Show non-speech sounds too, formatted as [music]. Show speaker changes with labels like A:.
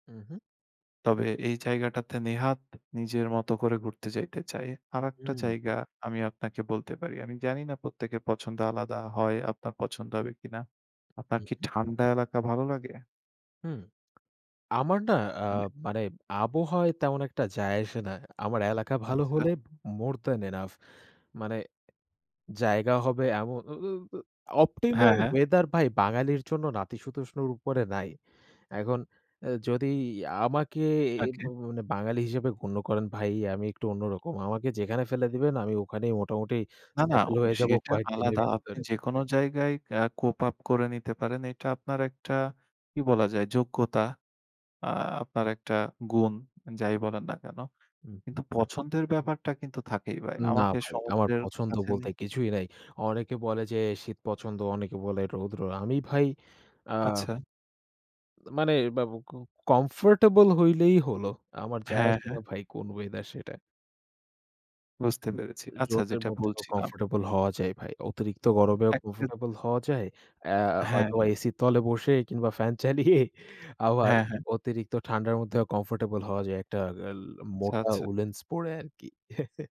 A: হু, হু।
B: তবে এই জায়গাটাতে নেহাত নিজের মতো করে ঘুরতে যাইতে চায়। আরেকটা
A: হুম।
B: জায়গা আমি আপনাকে বলতে পারি। আমি জানি না, প্রত্যেকের পছন্দ আলাদা হয়, আপনার পছন্দ হবে কিনা? আপনার
A: হু,
B: কি
A: হু।
B: ঠান্ডা এলাকা ভালো লাগে?
A: হুম। আমার না? আ
B: মানে
A: মানে আবহাওয়ায় তেমন একটা যায় আসে না। আমার এলাকা ভালো
B: আচ্ছা।
A: হলে, মোর দ্যান এনাফ। মানে জায়গা হবে এমন উ উ অ
B: হ্যাঁ,
A: অপটিমাল
B: হ্যাঁ।
A: ওয়েথার ভাই বাঙালির জন্য নাতিশীতোষ্ণর উপরে নাই। এখন এ যদি আমাকে এ ভ
B: ওকে।
A: মানে, বাঙালি হিসেবে গণ্য করেন ভাই, আমি একটু অন্যরকম। আমাকে যেখানে ফেলে দিবেন, আমি ওখানেই মোটামুটি
B: না, না,
A: সেটেল হয়ে যাবো
B: সেটা
A: কয়েকদিনের
B: আলাদা। আপনি
A: ভিতরে।
B: যেকোন জায়গায় আ কোপ আপ করে নিতে পারেন। এটা আপনার একটা কি বলা যায়? যোগ্যতা। আ আপনার একটা গুণ, যাই বলেন না কেন?
A: হু,
B: কিন্তু
A: হু।
B: পছন্দের ব্যাপারটা কিন্তু থাকেই ভাই।
A: না
B: আমাকে
A: ভাই। আমার
B: সমুদ্রের
A: পছন্দ
B: কাছে
A: বলতে
B: নিন
A: কিছুই নাই। অনেকে বলে যে শীত পছন্দ। অনেকে বলে রৌদ্র। আমি ভাই, আ
B: আচ্ছা।
A: মানে বাব ক কমফোর্টেবল হলেই হল। আমার যায়
B: হ্যাঁ,
A: আসে না
B: হ্যাঁ।
A: ভাই, কোন ওয়েদার সেটা।
B: বুঝতে পেরেছি। আচ্ছা
A: রোদের
B: যেটা
A: মধ্যেও
B: বলছিলাম
A: কমফোর্টেবল হওয়া যায় ভাই। অতিরিক্ত গরমেও
B: একটা
A: কমফোর্টেবল হওয়া যায়। অ্যা
B: হ্যাঁ।
A: হয়তো এসির তলে বসে কিংবা ফ্যান চালিয়ে, আবার
B: হ্যাঁ, হ্যাঁ।
A: অতিরিক্ত ঠান্ডার মধ্যেও কমফোর্টেবল হওয়া যায়। একটা গেল
B: আচ্ছা,
A: মোটা
B: আচ্ছা।
A: উলেন্স পরে আরকি। [chuckles]